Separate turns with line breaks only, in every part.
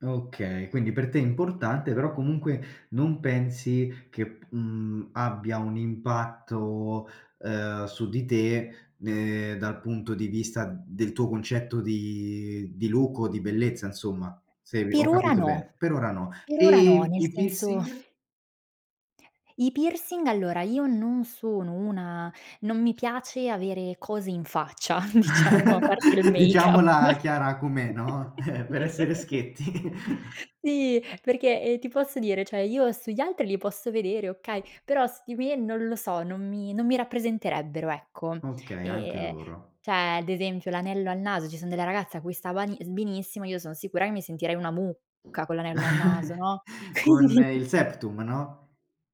Okay, quindi, per te è importante, però comunque non pensi che p mhmm, abbia un impatto, uhm, su di te, uhm, dal punto di vista del tuo concetto di di look o di bellezza, insomma, se ho
Per ora
capito
no.
bene. Per ora no.
Per
E,
ora no, nel
i
senso
piercing?
I piercing, allora io non sono una non mi piace avere cose in faccia diciamo, a parte il make-up.
Diciamola chiara com'è, no, per essere schietti.
Sì, perché, ehm, ti posso dire cioè io sugli altri li posso vedere, okay, però su di me non lo so, non mi non mi rappresenterebbero, ecco.
Okay, anche
Ehm,
loro.
cioè, ad esempio, l'anello al naso, ci son delle ragazze a cui sta vani benissimo, io sono sicura che mi sentirei una mucca con l'anello al naso, no,
Con
quindi
il Septum, no?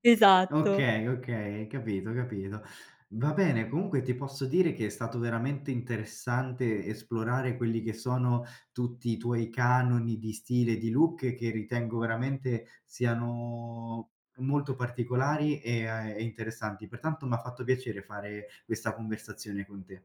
Esatto.
Okay, okay. Capito, capito. Va bene. Comunque, ti posso dire che è stato veramente interessante esplorare quelli che sono tutti i tuoi canoni di stile e di look che ritengo veramente siano molto particolari, ehm, e interessanti. Pertanto m'ha fatto piacere fare questa conversazione con te.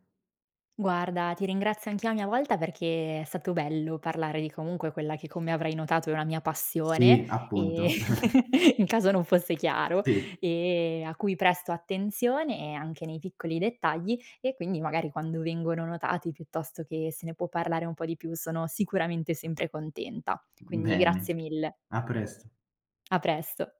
Guarda, ti ringrazio anch'io a mia volta perché è stato bello parlare di, comunque, quella che come avrei notato è una mia passione,
Sì,
e
appunto.
in caso non fosse chiaro,
Sì.
e a cui presto attenzione, e anche nei piccoli dettagli e quindi magari quando vengono notati, piuttosto che se ne può parlare un po' di più sono sicuramente sempre contenta. Quindi
Bene,
grazie mille.
a presto.
A presto.